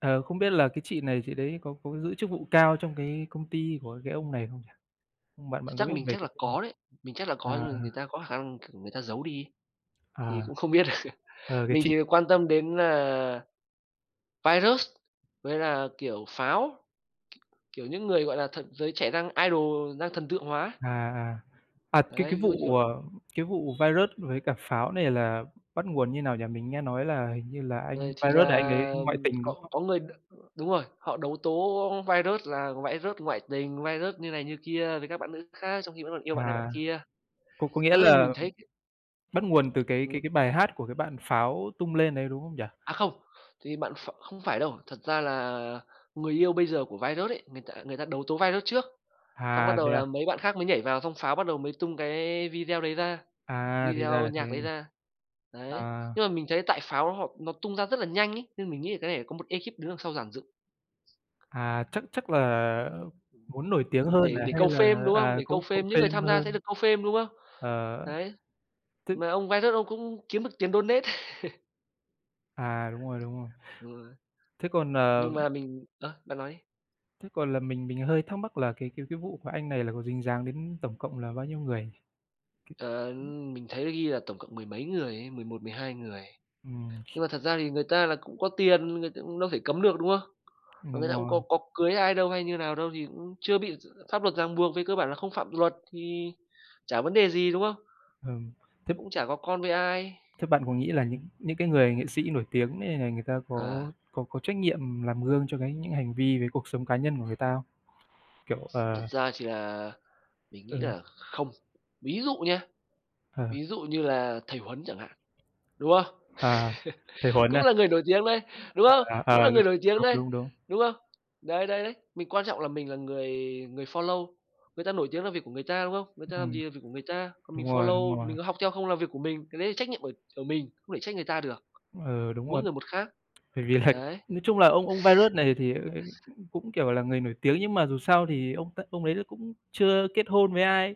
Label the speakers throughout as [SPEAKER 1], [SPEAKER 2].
[SPEAKER 1] Ờ, không biết là cái chị này chị đấy có có giữ chức vụ cao trong cái công ty của cái ông này không nhỉ? Bạn
[SPEAKER 2] Ch
[SPEAKER 1] bạn có
[SPEAKER 2] chắc
[SPEAKER 1] biết
[SPEAKER 2] mình
[SPEAKER 1] về
[SPEAKER 2] chắc là
[SPEAKER 1] cái vụ n
[SPEAKER 2] có đấy, mình chắc là có
[SPEAKER 1] à.
[SPEAKER 2] nhưng mà người ta có khả năng, kiểu, người ta giấu đi ấy, thì
[SPEAKER 1] À.
[SPEAKER 2] cũng không biết được.
[SPEAKER 1] Ờ, cái
[SPEAKER 2] Mình
[SPEAKER 1] chị
[SPEAKER 2] chỉ việc quan tâm đến là Viruss với là, kiểu, Pháo, kiểu, những người gọi là thần giới trẻ đang idol, đang thần tượng hóa ấy.
[SPEAKER 1] À, à. À, cái
[SPEAKER 2] Đấy,
[SPEAKER 1] cái
[SPEAKER 2] ví dụ như,
[SPEAKER 1] vụ,
[SPEAKER 2] kiểu
[SPEAKER 1] à, cái vụ Viruss với cả Pháo này là bắt nguồn như nào nhỉ? Mình nghe nói là hình như là anh
[SPEAKER 2] Rồi thì
[SPEAKER 1] Viruss đấy anh ấy
[SPEAKER 2] là,
[SPEAKER 1] ngoại
[SPEAKER 2] ừm,
[SPEAKER 1] tình, đúng
[SPEAKER 2] có
[SPEAKER 1] không?
[SPEAKER 2] có người, đ đúng rồi, họ đấu tố Viruss là Viruss ngoại tình, Viruss như này, như kia với các bạn nữ khác trong khi vẫn còn yêu bạn này, bạn
[SPEAKER 1] À,
[SPEAKER 2] kia.
[SPEAKER 1] có có
[SPEAKER 2] Thật
[SPEAKER 1] nghĩa
[SPEAKER 2] ra thì mình
[SPEAKER 1] là
[SPEAKER 2] thấy c
[SPEAKER 1] bắt nguồn từ cái
[SPEAKER 2] ừm.
[SPEAKER 1] cái cái bài hát của cái bạn Pháo tung lên đấy, đúng không nhỉ?
[SPEAKER 2] À không, thì bạn Ph không phải đâu, thật ra là người yêu bây giờ của Viruss ấy, người ta người ta đấu tố Viruss trước, xong bắt
[SPEAKER 1] À, thế
[SPEAKER 2] đầu
[SPEAKER 1] à?
[SPEAKER 2] là mấy bạn khác mới nhảy vào, xong Pháo bắt đầu mới tung cái video đấy ra,
[SPEAKER 1] À, thì ra
[SPEAKER 2] video
[SPEAKER 1] là thế
[SPEAKER 2] nhạc đấy
[SPEAKER 1] nhỉ?
[SPEAKER 2] ra, đấy.
[SPEAKER 1] À.
[SPEAKER 2] Nhưng mà mình thấy tại Pháo họp nó tung ra rất là nhanh ấy, nên mình nghĩ là cái này có một ekip đứng đằng sau dàn dựng.
[SPEAKER 1] À, chắc chắc là muốn nổi tiếng hơn
[SPEAKER 2] Để
[SPEAKER 1] à,
[SPEAKER 2] để
[SPEAKER 1] hay
[SPEAKER 2] câu
[SPEAKER 1] là,
[SPEAKER 2] fame, đúng không?
[SPEAKER 1] à,
[SPEAKER 2] Để câu
[SPEAKER 1] câu
[SPEAKER 2] fame
[SPEAKER 1] câu
[SPEAKER 2] những người
[SPEAKER 1] fame
[SPEAKER 2] tham gia sẽ
[SPEAKER 1] hơn.
[SPEAKER 2] được câu fame, đúng không?
[SPEAKER 1] Ờ,
[SPEAKER 2] Đấy,
[SPEAKER 1] tức
[SPEAKER 2] mà ông Viruss ông cũng kiếm được tiền donate.
[SPEAKER 1] À, đúng rồi, đúng rồi.
[SPEAKER 2] [unintelligible]
[SPEAKER 1] Thế còn, ờ
[SPEAKER 2] Nhưng mà mình ờ, bạn nói đi.
[SPEAKER 1] thế còn là mình mình hơi thắc mắc là cái cái cái vụ mà anh này là có dính dáng đến tổng cộng là bao nhiêu người
[SPEAKER 2] Ờ,
[SPEAKER 1] nhỉ?
[SPEAKER 2] mình thấy là ghi là tổng cộng mười mấy người ấy, 11, 12 người.
[SPEAKER 1] Ừm.
[SPEAKER 2] Nhưng mà thật ra thì người ta là cũng có tiền, người ta cũng đâu thể cấm được, đúng không? Mà
[SPEAKER 1] Đúng
[SPEAKER 2] người ta cũng
[SPEAKER 1] rồi.
[SPEAKER 2] có có cưới ai đâu hay như nào đâu, thì cũng chưa bị d pháp luật ràng buộc, về cơ bản là không phạm luật thì chả vấn đề gì, đúng không?
[SPEAKER 1] Ừm, thức
[SPEAKER 2] Cũng chả có con với ai.
[SPEAKER 1] thế bạn có nghĩ là những những cái người nghệ sĩ nổi tiếng nên là người ta
[SPEAKER 2] À.
[SPEAKER 1] có có có trách nhiệm làm gương cho cái những hành vi về cuộc sống cá nhân của người ta không? Kiểu,
[SPEAKER 2] Thật
[SPEAKER 1] ờ
[SPEAKER 2] ra thì là mình
[SPEAKER 1] Ừ.
[SPEAKER 2] nghĩ là không. Ví dụ nhá, ví
[SPEAKER 1] Ờ.
[SPEAKER 2] dụ như là thầy Huấn chẳng hạn, đúng không?
[SPEAKER 1] À, thầy Huấn
[SPEAKER 2] Cũng
[SPEAKER 1] à?
[SPEAKER 2] là người nổi tiếng đấy, đúng
[SPEAKER 1] À,
[SPEAKER 2] không?
[SPEAKER 1] à,
[SPEAKER 2] Cũng là người
[SPEAKER 1] đúng
[SPEAKER 2] nổi tiếng
[SPEAKER 1] đúng,
[SPEAKER 2] đấy,
[SPEAKER 1] đúng, đúng.
[SPEAKER 2] đúng không? Đấy, đấy, đấy, mình quan trọng là mình là người người follow. Người ta nổi tiếng là việc của người ta, đúng không? Người ta làm
[SPEAKER 1] Ừm.
[SPEAKER 2] gì là việc của người ta, còn
[SPEAKER 1] Đúng
[SPEAKER 2] mình
[SPEAKER 1] rồi, đúng
[SPEAKER 2] follow,
[SPEAKER 1] rồi.
[SPEAKER 2] mình có học theo không là việc của mình, cái đấy là trách nhiệm ở ở mình, không thể trách người ta được,
[SPEAKER 1] Ừ, đúng
[SPEAKER 2] mỗi
[SPEAKER 1] rồi.
[SPEAKER 2] người một khác,
[SPEAKER 1] Bởi vì là
[SPEAKER 2] đấy.
[SPEAKER 1] nói chung là ông ông Viruss này thì, ờ, cũng cũng, kiểu, là người nổi tiếng nhưng mà dù sao thì ông ta ông đấy là cũng chưa kết hôn với ai,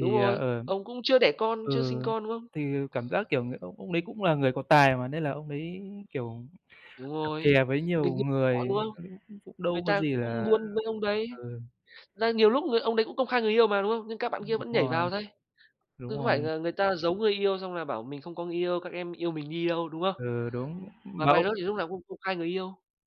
[SPEAKER 2] Đúng
[SPEAKER 1] ờ,
[SPEAKER 2] rồi,
[SPEAKER 1] ờm,
[SPEAKER 2] ông cũng chưa đẻ con, chưa
[SPEAKER 1] ừ,
[SPEAKER 2] sinh con, đúng không?
[SPEAKER 1] thì cảm giác, kiểu, người ông ông đấy cũng là người có tài mà, nên là ông đấy, kiểu,
[SPEAKER 2] Đúng
[SPEAKER 1] cặp
[SPEAKER 2] rồi,
[SPEAKER 1] kè với nhiều
[SPEAKER 2] mình như họ, đúng
[SPEAKER 1] người
[SPEAKER 2] không?
[SPEAKER 1] cũng cũng cũng
[SPEAKER 2] Người
[SPEAKER 1] đâu có
[SPEAKER 2] ta
[SPEAKER 1] gì
[SPEAKER 2] cũng
[SPEAKER 1] là
[SPEAKER 2] muốn với ông đấy,
[SPEAKER 1] ừ.
[SPEAKER 2] là nhiều lúc người ông đấy cũng công khai người yêu mà, đúng không? Nhưng các bạn kia
[SPEAKER 1] Ừm, đúng
[SPEAKER 2] vẫn nhảy
[SPEAKER 1] rồi.
[SPEAKER 2] vào thây,
[SPEAKER 1] Đúng
[SPEAKER 2] cứ có phải
[SPEAKER 1] rồi.
[SPEAKER 2] là người ta giấu người yêu, xong là bảo mình không có người yêu, các em yêu mình đi đâu, đúng không?
[SPEAKER 1] Ừ, đúng,
[SPEAKER 2] M mà
[SPEAKER 1] mà ông
[SPEAKER 2] Viruss thì lúc nào cũng công khai người yêu.